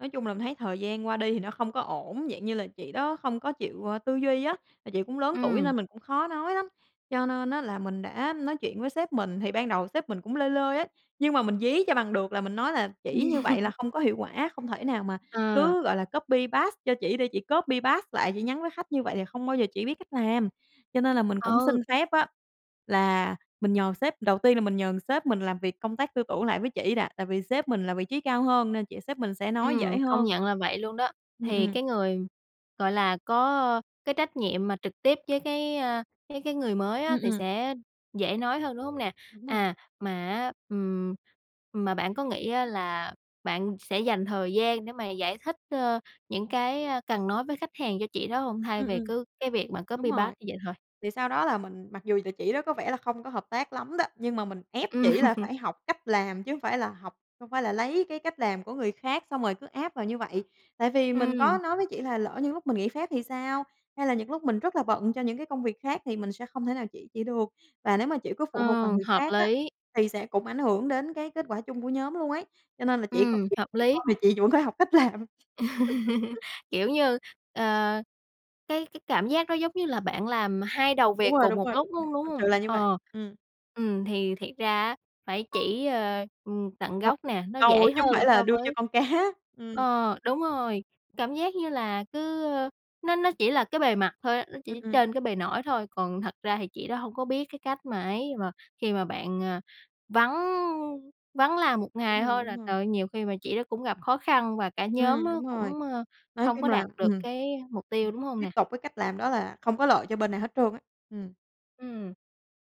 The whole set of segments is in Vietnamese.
Nói chung là, mình thấy thời gian qua đi thì nó không có ổn, dạng như là chị đó không có chịu, ơ, tư duy á, mà chị cũng lớn tuổi Ừm. nên mình cũng khó nói lắm. Cho nên á là mình đã nói chuyện với sếp mình, thì ban đầu sếp mình cũng lơi lơi á, nhưng mà mình dí cho bằng được là mình nói là "Chỉ như vậy là không có hiệu quả. Không thể nào mà Ờ. cứ, gọi là, copy paste cho chỉ để chỉ copy paste lại chị nhắn với khách như vậy là không bao giờ chị biết cách làm." Cho nên là mình cũng Ừ. xin phép á là mình nhờ sếp. Đầu tiên là mình nhờ, ừm, sếp mình làm việc công tác tư tưởng lại với chỉ đã, tại vì sếp mình là vị trí cao hơn nên là chị sếp mình sẽ nói dễ Ừm, công hơn. nhận là vậy luôn đó, Ừm, thì ừ. cái người, gọi là, có cái trách nhiệm mà trực tiếp với cái, a, cái cái người mới Ừm, á, thì ừm. sẽ dễ nói hơn, đúng hông nè? Đúng rồi. À, mà á, ừm, mà bạn có nghĩ á là bạn sẽ dành thời gian để mà giải thích, ơ, những cái, a, cần nói với khách hàng cho chị đó hông thay Ừm, vì ừm. cứ cái việc mà Đúng copy rồi, paste như vậy thôi? thì sau đó là mình mặc dù là chị đó có vẻ là không có hợp tác lắm đó, nhưng mà mình ép chỉ là Ừm. phải học cách làm chứ hông phải là học hông phải là lấy cái cách làm của người khác xong rồi cứ áp vào như vậy. Tại vì mình có Ừm. nói với chỉ là lỡ như lúc mình nghỉ phép thì sao, hay là những lúc mình rất là bận cho những cái công việc khác thì mình sẽ không thể nào chỉ chị được. Và nếu mà chị cứ phụ thuộc vào Ờ, người hợp khác á lý. thì sẽ cũng ảnh hưởng đến cái kết quả chung của nhóm luôn ấy, cho nên là chỉ có Ừm, chị hợp không thích thì thôi lý. mà chị vẫn phải học cách làm. Kiểu, như, ờ, cái cái cảm giác nó giống như là bạn làm 2 đầu Đúng việc rồi, cùng đúng một rồi, đúng lúc rồi, luôn, đúng thật sự hông? là như vậy. Ờ, Ừm. ừm, thì thiệt ra á phải chỉ, a, ừm, tận Cho gốc nè, nó câu dễ chứ hổng hơn phải là so đưa cho với con cá, ừm. Ờ, đúng rồi, cảm giác như là cứ, ơ, nó nó chỉ là cái bề mặt thôi á, nó Ừm, chỉ ừm. trên cái bề nổi thôi, còn thật ra thì chị đó hông có biết cái cách mà ấy mà khi mà bạn, à, vắng, ư, vắng làm một ngày Đúng rồi, thôi đúng là rồi. trời ơi nhiều khi mà chị đó cũng gặp khó khăn và cả nhóm Ừm, á đúng rồi, cũng, a, nói hông có chung là đạt được ừm. cái mục tiêu, Ừm, đúng hông tiếp nè? tục với cách làm đó là không có lợi cho bên nào hết trơn á. Ừm. Ừm,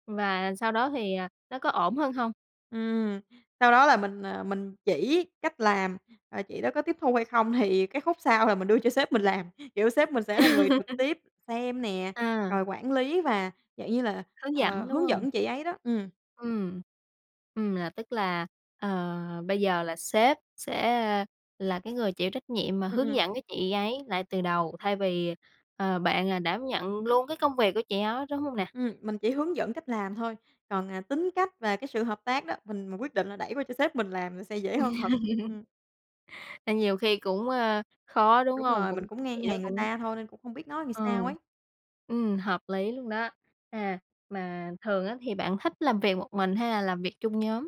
và sau đó thì, à, nó có ổn hơn hông? Ừm, sau đó là mình, à, mình chỉ cách làm, à, chị đó có tiếp thu hay không thì cái khúc sau là mình đưa cho sếp mình làm. Kiểu, sếp mình sẽ là người trực tiếp xem nè, À. rồi quản lý và dạng như là, Hướng ờ, dẫn, đúng hướng hông? dẫn chị ấy đó. Ừm. Ừm. Ừm, là tức là, ờ, bây giờ là sếp sẽ, a, là cái người chịu trách nhiệm mà Ừm, hướng ừm. dẫn cái chị ấy lại từ đầu, thay vì, ờ, bạn là đảm nhận luôn cái công việc của chị đó, đúng hông nè? Ừm, mình chỉ hướng dẫn cách làm thôi, còn, à, tính cách và cái sự hợp tác đó, mình mình quyết định là đẩy qua cho sếp mình làm là sẽ dễ hơn thật. Ừm. Nên nhiều khi cũng, a, khó, đúng Đúng hông? rồi, mình Cũng cũng cái ngang chị đó hàng người cũng ta thôi nên cũng hông biết nói ờ. sao ấy. Ừm, hợp lý luôn đó. À, mà thường á thì bạn thích làm việc một mình hay là làm việc chung nhóm?